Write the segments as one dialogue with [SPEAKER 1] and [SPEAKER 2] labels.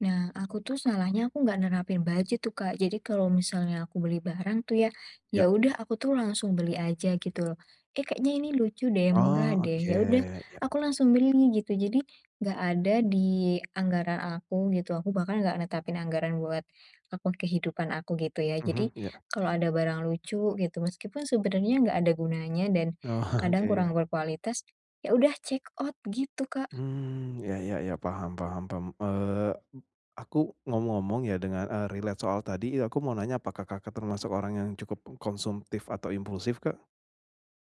[SPEAKER 1] Nah aku tuh salahnya, aku nggak nerapin budget tuh, Kak. Jadi kalau misalnya aku beli barang tuh ya, ya
[SPEAKER 2] Ya.
[SPEAKER 1] udah aku tuh langsung beli aja, gitu loh, "Eh kayaknya ini lucu deh, murah
[SPEAKER 2] Oh,
[SPEAKER 1] deh."
[SPEAKER 2] oke.
[SPEAKER 1] Ya udah
[SPEAKER 2] Ya.
[SPEAKER 1] aku langsung beli, gitu. Jadi nggak ada di anggaran aku gitu, aku bahkan nggak netapin anggaran buat akun kehidupan aku, gitu ya.
[SPEAKER 2] Mhm,
[SPEAKER 1] Jadi
[SPEAKER 2] ya.
[SPEAKER 1] kalau ada barang lucu gitu, meskipun sebenarnya nggak ada gunanya dan
[SPEAKER 2] Oke,
[SPEAKER 1] kadang
[SPEAKER 2] ya.
[SPEAKER 1] kurang berkualitas, ya udah, check out, gitu Kak.
[SPEAKER 2] Mmm, ya ya ya, paham paham paham, eee, aku ngomong-ngomong ya, dengar, eee, relate soal tadi, eee, aku mau nanya, apakah Kakak termasuk orang yang cukup konsumtif atau impulsif Kak?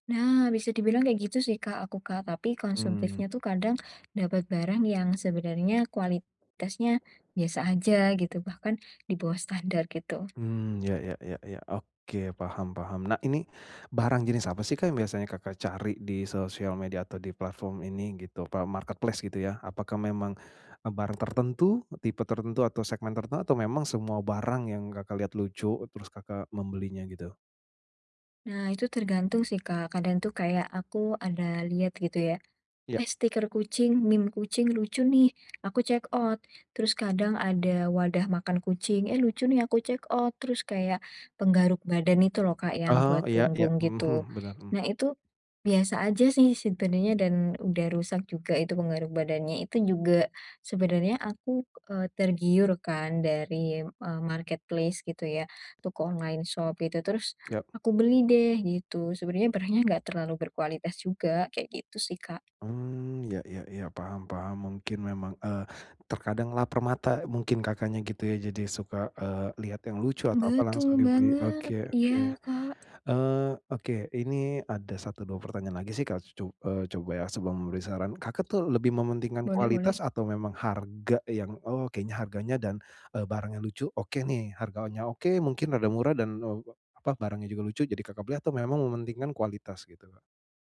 [SPEAKER 1] Nah bisa dibilang kayak gitu sih Kak, aku Kak. Tapi
[SPEAKER 2] Mmm.
[SPEAKER 1] konsumtifnya tuh kadang dapet barang yang sebenarnya, kualitasnya biasa aja gitu, bahkan di bawah standar, gitu.
[SPEAKER 2] Mmm, ya ya ya ya, oke, paham paham. Nah ini barang jenis apa sih Kak, yang biasanya Kakak cari di sosial media atau di platform ini gitu, apa, marketplace gitu ya, apakah memang, eee, barang tertentu, tipe tertentu, atau segmen tertentu, atau memang semua barang yang Kakak lihat lucu, terus Kakak membelinya gitu?
[SPEAKER 1] Nah itu tergantung sih Kak, kadang tuh kayak aku ada lihat gitu ya,
[SPEAKER 2] Ya.
[SPEAKER 1] "Eh, stiker kucing, meme kucing lucu nih," aku check out, terus kadang ada wadah makan kucing, "eh lucu nih." Aku check out, terus kayak penggaruk badan itu loh Kak, yang
[SPEAKER 2] Oh,
[SPEAKER 1] buat
[SPEAKER 2] iya iya,
[SPEAKER 1] punggung gitu.
[SPEAKER 2] mhm, bener, mmm.
[SPEAKER 1] Nah itu, biasa aja sih sebenarnya, dan udah rusak juga itu penggaruk badannya, itu juga sebenarnya aku, eee, tergiur kan dari, eee, marketplace gitu ya, toko online shop gitu, terus
[SPEAKER 2] Ya.
[SPEAKER 1] aku beli deh gitu. Sebenernya barangnya nggak terlalu berkualitas juga, kayak gitu sih Kak.
[SPEAKER 2] Mmm, iya iya iya, paham paham, mungkin memang, eee, terkadang laper mata, eee, mungkin Kakaknya gitu ya, jadi suka, eee, liat yang lucu atau apa
[SPEAKER 1] Betul
[SPEAKER 2] langsung dibeli, oke
[SPEAKER 1] banget. Iya
[SPEAKER 2] oke.
[SPEAKER 1] Kak.
[SPEAKER 2] Eee, oke, ini ada 1 2 pertanyaan lagi sih Kak, co eee, coba ya sebelum memberi saran, Kakak tuh lebih mementingkan
[SPEAKER 1] Boleh boleh.
[SPEAKER 2] kualitas atau memang harga yang, "Oh kayanya harganya dan, eee, barangnya lucu, oke nih." Harganya oke mungkin rada murah dan, eee, apa, barangnya juga lucu jadi Kakak beli atau memang mementingkan kualitas gitu, Kak?